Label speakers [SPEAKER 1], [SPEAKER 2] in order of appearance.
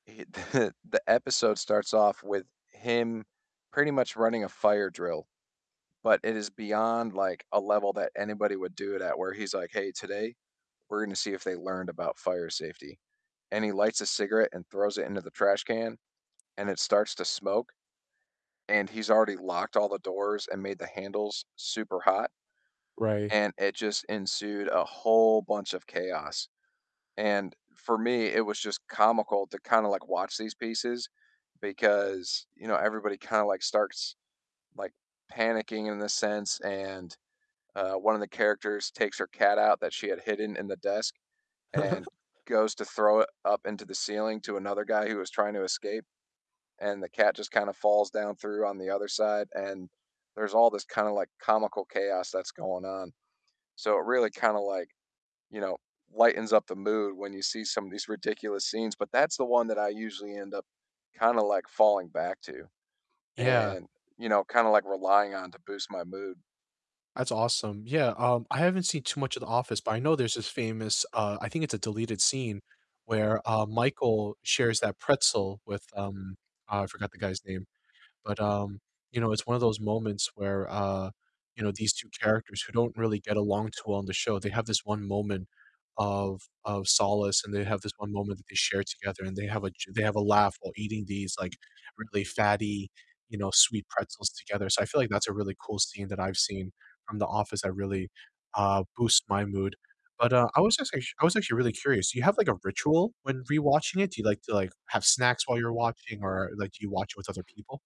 [SPEAKER 1] The episode starts off with him pretty much running a fire drill, but it is beyond like a level that anybody would do it at where he's like, "Hey, today we're going to see if they learned about fire safety," and he lights a cigarette and throws it into the trash can and it starts to smoke, and he's already locked all the doors and made the handles super hot,
[SPEAKER 2] Right.
[SPEAKER 1] and it just ensued a whole bunch of chaos. And for me, it was just comical to kind of like watch these pieces because, you know, everybody kind of like starts, like, panicking in a sense, and, uh, one of the characters takes her cat out that she had hidden in the desk and goes to throw it up into the ceiling to another guy who was trying to escape, and the cat just kind of falls down through on the other side, and there's all this kind of like comical chaos that's going on. So it really kind of like, you know, lightens up the mood when you see some of these ridiculous scenes, but that's the one that I usually end up kind of like falling back to
[SPEAKER 2] Yeah.
[SPEAKER 1] and, you know, kind of like relying on to boost my mood.
[SPEAKER 2] That's awesome, yeah, um, I haven't seen too much of "The Office," but I know there's this famous, uh, I think it's a deleted scene where, uh, Michael shares that pretzel with, um, oh, I forgot the guy's name, but, um, you know, it's one of those moments where, uh, you know, these 2 characters who don't really get along too well on the show, they have this one moment of of solace, and they have this one moment that they share together, and they have a j they have a laugh while eating these, like, really fatty, you know, sweet pretzels together, so I feel like that's a really cool scene that I've seen from "The Office" that really, uh, boosts my mood, but, uh, I was just act I was actually really curious, do you have, like, a ritual when rewatching it? Do you like to like, have snacks while you're watching or, like, do you watch it with other people?